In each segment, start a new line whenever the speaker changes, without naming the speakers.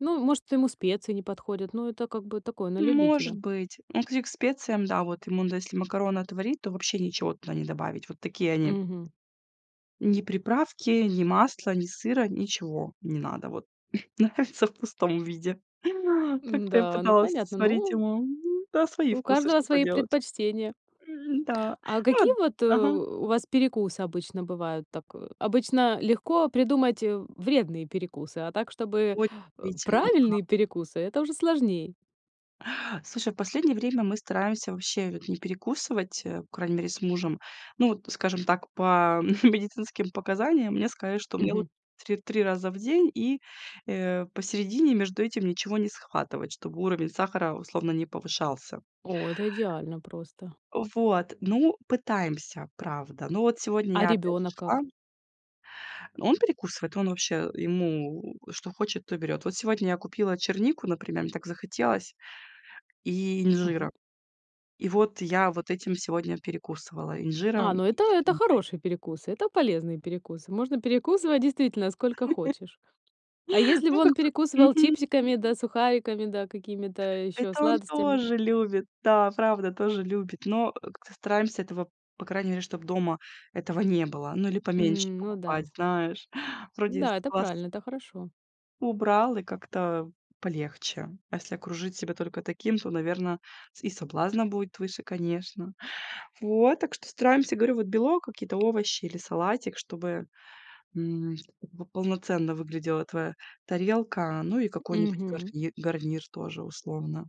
Ну, может, ему специи не подходят, ну это, как бы такое, на
Может
любителя.
быть. Ну если к специям, да, вот, ему, да, если макароны отварить, то вообще ничего туда не добавить. Вот такие они.
Мгм.
Ни приправки, ни масла, ни сыра, ничего не надо. Вот нравится в пустом виде. Как-то я
Н-да, ну
пыталась
понятно.
сварить
Ну
ему М. Да, свои
у
вкусы,
каждого
что
свои
поделать.
предпочтения.
М н-да,
А
ну вот,
какие вот, э,
ага.
у у вас перекусы обычно бывают? Так, о обычно легко придумать, э, вредные перекусы, а так, чтобы,
Ой,
э,
действительно, да.
правильные перекусы это уже сложней.
Слушай, в последнее время, мы стараемся вообще, вот, не перекусывать, э, по крайней мере с мужем. Ну вот, скажем так, по медицинским показаниям. Мне сказали, что мне, вот,
Мгм.
три три раза в день и, э, посередине между этим ничего не схватывать, чтобы уровень сахара условно не повышался.
О, это идеально просто.
Вот, ну, пытаемся, правда. Ну, вот сегодня
А
я опять же
ребёнок
шла.
как?
Он перекусывает, он вообще, ему, что хочет, то и берёт. Вот сегодня я купила чернику, например, мне так захотелось, и инжира.
Мгм.
И вот я вот этим сегодня перекусывала
А,
инжиром
ну
и
это, это
черникой.
хороший перекус, это полезный перекус, можно перекусывать, действительно, сколько хочешь. А если бы
Ну, как
он
бы.
перекусывал
Мгм.
чипсиками да сухариками, да какими-то ещё
Это он
сладостями?
тоже любит. Да, правда, тоже любит, но, э, как-то стараемся этого, по крайней мере, чтоб дома этого не было. Ну, или поменьше
М, ну да.
покупать, знаешь, вроде с
Да, это
глаз
правильно, это хорошо.
убрал, и как-то полегче. А если окружить себя только таким, то, наверно, с и соблазна будет выше, конечно. Вот, так что стараемся, говорю, вот, белок, какие-то овощи или салатик, чтобы, м, как бы полноценно выглядела твоя тарелка, ну и какой-нибудь
Мгм.
гарнир, гарнир тоже условно.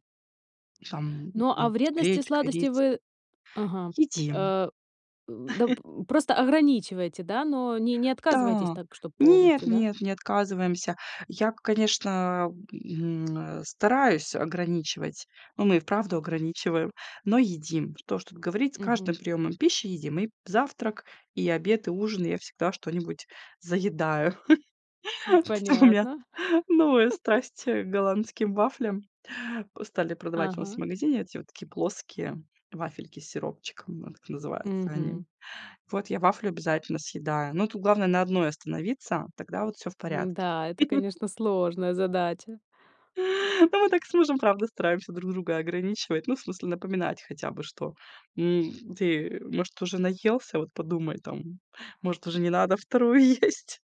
Сам
Ну,
ну,
а
с
вредности и
гречкой
сладости,
рис.
вы, ага,
Едим.
э, э, да п просто ограничиваете, да? Но не не отказываетесь
Да,
так, чтоб
нет,
полностью, да?
нет, не отказываемся. Я, к конечно, м э, стараюсь ограничивать, но мы и вправду ограничиваем, но едим. Что уж тут говорить, с каждым
Мгм.
приёмом пищи едим. И п завтрак, и обед, и ужин я всегда что-нибудь заедаю.
М,
У меня
понятно.
новая страсть, э, к голландским вафлям. По стали продавать у нас в
Ага.
магазине, эти вот, такие, плоские вафельки с сиропчиком, вот как называются они.
Мгм.
Вот я вафлю обязательно съедаю. Но тут главное на одной остановиться, тогда вот всё в порядке.
М-да, это, конечно, сложная задача.
Ну мы так с мужем, правда, стараемся друг друга ограничивать, ну, в смысле напоминать хотя бы, что, м ты, может, уже наелся, вот подумай там, может, уже не надо вторую есть.